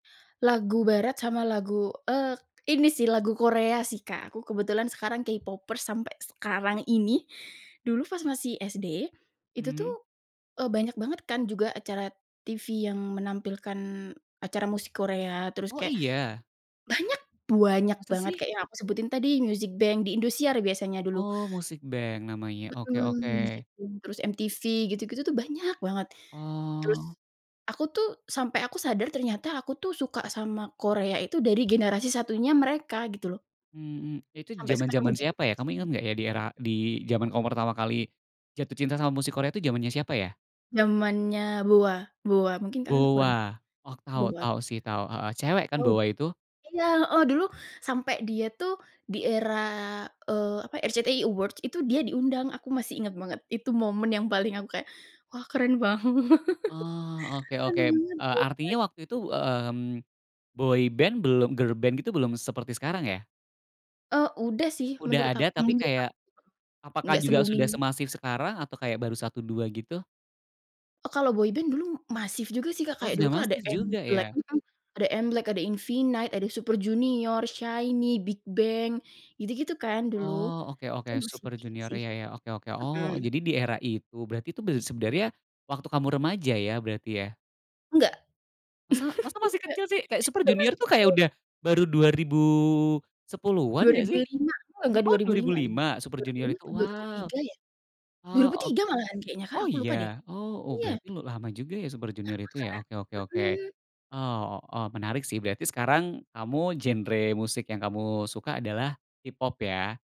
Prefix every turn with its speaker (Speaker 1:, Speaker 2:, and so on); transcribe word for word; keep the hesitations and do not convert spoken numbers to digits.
Speaker 1: Lagu barat sama lagu, eee, ini sih lagu Korea sih, Kak. Aku kebetulan sekarang K-Popers sampai sekarang ini, dulu pas masih SD itu
Speaker 2: Hmm.
Speaker 1: tuh, eee, banyak banget kan juga acara TV yang menampilkan acara musik Korea, terus
Speaker 2: Oh,
Speaker 1: kayak
Speaker 2: iya?
Speaker 1: banyak buanyak
Speaker 2: Masa
Speaker 1: banget
Speaker 2: sih?
Speaker 1: kayak yang aku sebutin tadi Music Bank di Indosiar biasanya dulu.
Speaker 2: Oh, Music Bank namanya, oke oke.
Speaker 1: Mhm, Music Bank, terus MTV gitu-gitu tuh banyak banget. Terus
Speaker 2: Oh.
Speaker 1: aku tuh, sampai aku sadar ternyata aku tuh suka sama Korea itu dari generasi satunya mereka gitu loh.
Speaker 2: Mhm, itu
Speaker 1: Sampai sekarang
Speaker 2: zaman-zaman
Speaker 1: udah
Speaker 2: siapa ya?
Speaker 1: generasi
Speaker 2: Kamu inget
Speaker 1: lima.
Speaker 2: gak ya di era, di zaman kamu pertama kali jatuh cinta sama musik Korea itu zamannya siapa ya?
Speaker 1: Namanya BoA BoA. Mungkin kalian kurang
Speaker 2: BoA. Oh, tau
Speaker 1: boat
Speaker 2: tau sih tau, cewek kan
Speaker 1: tau
Speaker 2: BoA itu?
Speaker 1: Iya, heeh, dulu sampai dia tuh di era, eee, apa, RCTI Award itu dia diundang. Aku masih inget banget, itu momen yang paling aku kayak, "Wah! Keren banget."
Speaker 2: Oh. Oke
Speaker 1: Keren
Speaker 2: oke,
Speaker 1: banget
Speaker 2: eee,
Speaker 1: BoA
Speaker 2: artinya
Speaker 1: it
Speaker 2: waktu itu, mmm, boy band belum, girl band itu belum seperti sekarang ya?
Speaker 1: Eee, udah sih menurut
Speaker 2: Udah ada, tapi
Speaker 1: menurut aku.
Speaker 2: kayak, apakah
Speaker 1: Nggak
Speaker 2: juga
Speaker 1: se-booming
Speaker 2: sudah semasif sekarang? Atau kayak baru satu, dua gitu?
Speaker 1: Oh, kalau boy band dulu masif juga sih, Kak.
Speaker 2: Oh,
Speaker 1: Kayak
Speaker 2: sudah
Speaker 1: dulu kan ada
Speaker 2: masif juga
Speaker 1: MBLAQ,
Speaker 2: ya?
Speaker 1: mhm. Ada MBLAQ, ada Infinite ada Super Junior, SHINEe, BigBang gitu-gitu kan dulu.
Speaker 2: Oh. Oke
Speaker 1: Itu
Speaker 2: oke.
Speaker 1: masih
Speaker 2: Super
Speaker 1: dikit
Speaker 2: Junior
Speaker 1: sih.
Speaker 2: ya ya, oke, oke. Oh,
Speaker 1: Mhm.
Speaker 2: jadi di era itu? Berarti itu ber sebenernya waktu kamu remaja ya, berarti ya?
Speaker 1: Nggak.
Speaker 2: Masa? Masa masih
Speaker 1: Nggak
Speaker 2: kecil sih? Kayak Super
Speaker 1: Itu
Speaker 2: Junior
Speaker 1: masih
Speaker 2: tuh, kayak
Speaker 1: kecil.
Speaker 2: udah baru dua ribu sepuluhan
Speaker 1: dua
Speaker 2: gak
Speaker 1: ribu
Speaker 2: sih?
Speaker 1: lima, eee,
Speaker 2: M
Speaker 1: enggak dua
Speaker 2: oh
Speaker 1: ribu
Speaker 2: dua ribu
Speaker 1: lima nih,
Speaker 2: lima Super
Speaker 1: dua ribu
Speaker 2: Junior
Speaker 1: lima
Speaker 2: itu?
Speaker 1: atau dua ribu
Speaker 2: Wow.
Speaker 1: tiga ya? dua
Speaker 2: Oh,
Speaker 1: ribu
Speaker 2: ok
Speaker 1: tiga malahan kayaknya, Kak.
Speaker 2: oh
Speaker 1: Aku lupa deh.
Speaker 2: iya? Oh oh
Speaker 1: Iya.
Speaker 2: berarti lama juga ya Super
Speaker 1: Lama,
Speaker 2: Junior itu ya? Oke oke
Speaker 1: Kak,
Speaker 2: oke.
Speaker 1: mhm.
Speaker 2: Eee, o oh, menarik sih, berarti sekarang, kamu genre musik yang kamu suka adalah K-Pop ya?